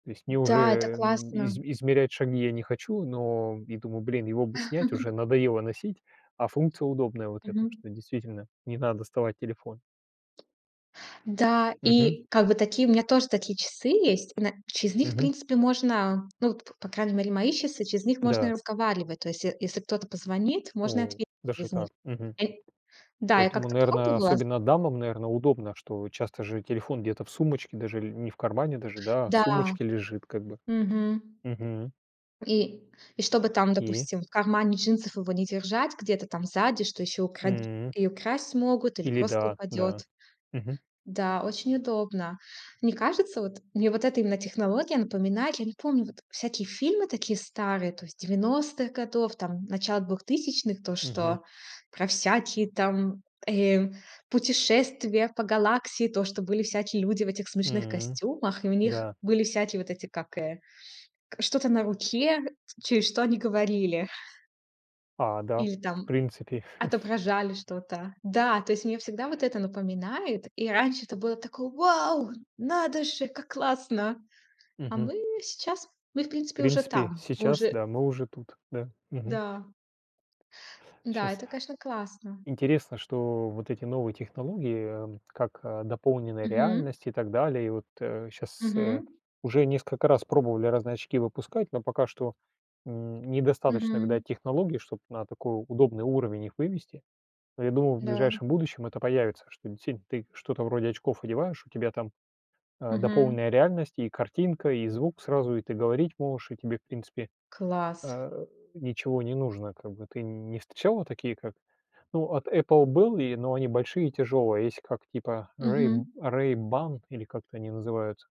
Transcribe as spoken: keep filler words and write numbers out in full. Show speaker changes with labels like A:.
A: То есть не
B: Да, это
A: уже, м,
B: классно.
A: из измерять шаги я не хочу, но, м, и думаю: "Блин, его бы снять, уже надоело носить". А функция удобная вот эта,
B: Мгм.
A: что действительно не надо доставать телефон.
B: Да.
A: Мгм.
B: И как бы такие у меня тоже такие часы есть. И на через них, в
A: Мгм.
B: принципе, можно, ну, вот по по крайней мере, мои часы, через них можно и
A: Да.
B: разговаривать. То есть е если кто-то позвонит, можно и
A: О,
B: ответить
A: даже
B: через них.
A: так. Мгм.
B: Ай Да,
A: Я
B: я
A: думаю,
B: как-то
A: наверно,
B: пробовала з
A: особенно дамам, наверно, удобно, что часто же телефон где-то в сумочке даже, или не в кармане даже, да, а в
B: Да.
A: сумочке лежит как бы.
B: Мгм.
A: Мгм.
B: И и чтобы там,
A: И?
B: допустим, в кармане джинсов его не держать где-то там сзади, что еще укра
A: М.
B: и украсть могут или
A: Или
B: просто
A: да. Да.
B: упадет.
A: Мгм.
B: Да, очень удобно. Мне кажется, вот мне вот эта именно технология напоминает, я не помню, вот всякие фильмы такие старые, то есть девяностых годов, там, начала двухтысячных, то,
A: Мгм.
B: что про всякие там, эм, путешествия по Галактике. То, что были всякие люди в этих смешных
A: М,
B: костюмах и у них
A: да.
B: были всякие вот эти, как, э, к что-то на руке, через что они говорили.
A: А, да,
B: Или
A: в
B: там
A: принципе.
B: отображали что-то. Да. То есть мне всегда вот это напоминает. И раньше это было такое: "Вау, надо же, как классно!" А
A: Мгм.
B: мы сейчас, мы, в
A: В
B: принципе, уже
A: принципе,
B: там, мы
A: сейчас
B: уже
A: да, мы уже тут, да. Мгм.
B: Да. Да,
A: Щас,
B: это,
A: а,
B: конечно, классно.
A: интересно, что вот эти новые технологии, ам, как, а, дополненная
B: Мгм.
A: реальность и так далее. И вот, э, щас, э,
B: Мгм.
A: уже несколько раз пробовали разные очки выпускать, но пока что, н недостаточно,
B: Мгм.
A: видать, технологий, чтоб на такой удобный уровень их вывести. Но я думаю, в
B: Да.
A: ближайшем будущем это появится, что десинь ты что-то вроде очков одеваешь, у тебя там, а,
B: Мгм.
A: дополненная реальность и картинка, и звук сразу. И ты говорить можешь, и тебе, в принципе,
B: Класс.
A: э, ничего не нужно. Как бы ты, нь не встречала такие, как, ну, от Apple были, но они большие и тяжелые. А есть как типа RayB
B: Мгм.
A: RayBan или как-то они называются.